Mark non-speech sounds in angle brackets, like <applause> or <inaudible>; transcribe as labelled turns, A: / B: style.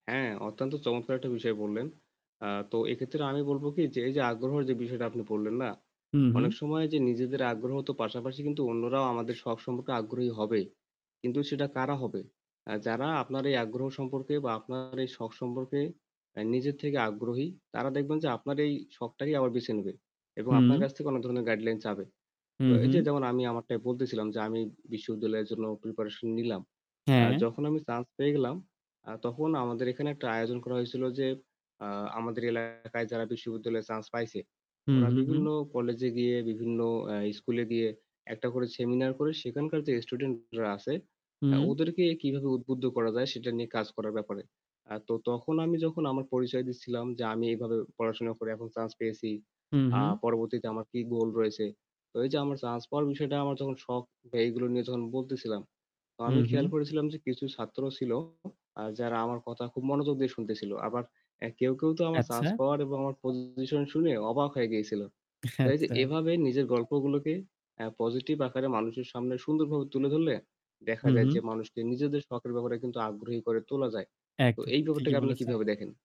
A: হ্যাঁ, অত্যন্ত চমৎকার একটা বিষয় বললেন। আ তো এক্ষেত্রে আমি বলব কি যে, এই যে আগ্রহর যে বিষয়টা আপনি বললেন না,
B: হুম,
A: অনেক
B: হুম।
A: সময় যে নিজেদের আগ্রহ তো পাশাপাশি কিন্তু অন্যরাও আমাদের শখ সম্পর্কে আগ্রহী হবে। কিন্তু সেটা কারা হবে? অ্যা যারা আপনার এই আগ্রহ সম্পর্কে বা আপনার এই শখ সম্পর্কে অ্যা নিজের থেকে আগ্রহী; তারা দেখবেন যে আপনার এই শখটাকেই আবার বেছে নেবে এবং আপনার
B: হুম।
A: কাছ থেকে কোন ধরনের গাইডলাইন চাবে। তো
B: হুম,
A: এই যে
B: হুম।
A: যেমন আমি আমারটাই বলতেছিলাম যে আমি বিশ্ববিদ্যালয়ের জন্য preparation নিলাম। অ্যা
B: হ্যাঁ।
A: যখন আমি chance পেয়ে গেলাম, আ তখন আমাদের এখানে একটা আয়োজন করা হয়েছিল যে, আ আমাদের এলাকায় যারা বিশ্ববিদ্যালয়ে chance পাইছে;
B: হুম,
A: ওরা
B: হুম, হুম।
A: বিভিন্ন কলেজে গিয়ে বিভিন্ন অ্যা স্কুলে গিয়ে একটা করে seminar করে। সেখানকার যে student রা আছে
B: হুম।
A: ওদেরকে অ্যা কিভাবে উদ্বুদ্ধ করা যায় সেটা নিয়ে কাজ করার ব্যাপারে। আ তো তখন আমি যখন আমার পরিচয় দিচ্ছিলাম যে, আমি এইভাবে পড়াশোনা করে এখন chance পেয়েছি,
B: হুম,
A: আ
B: হুম।
A: পরবর্তীতে আমার কি goal রয়েছে। তো এই যে আমার chance পাওয়ার বিষয়টা আমার তখন শখ, এইগুলো নিয়ে যখন বলতেছিলাম, তো আমি
B: হুম, হুম।
A: খেয়াল করেছিলাম যে কিছু ছাত্র ছিল আ যারা আমার কথা খুব মনোযোগ দিয়ে শুনতেছিল। আবার কেউ, কেউ তো আমার chance
B: আচ্ছা।
A: পাওয়ার এবং আমার position শুনে অবাক হয়ে গিয়েছিল। তো
B: <chuckles>
A: এই যে
B: আচ্ছা।
A: এভাবে নিজের গল্পগুলোকে অ্যা positive আকারে মানুষের সামনে সুন্দরভাবে তুলে ধরলে দেখা
B: হুম,
A: যায়
B: হুম।
A: যে, মানুষকে নিজেদের শখের ব্যাপারে কিন্তু আগ্রহী করে তোলা যায়। তো
B: একদম,
A: এই ব্যাপারটা
B: ঠিকই
A: কি আপনি
B: বলেছেন।
A: কিভাবে দেখেন?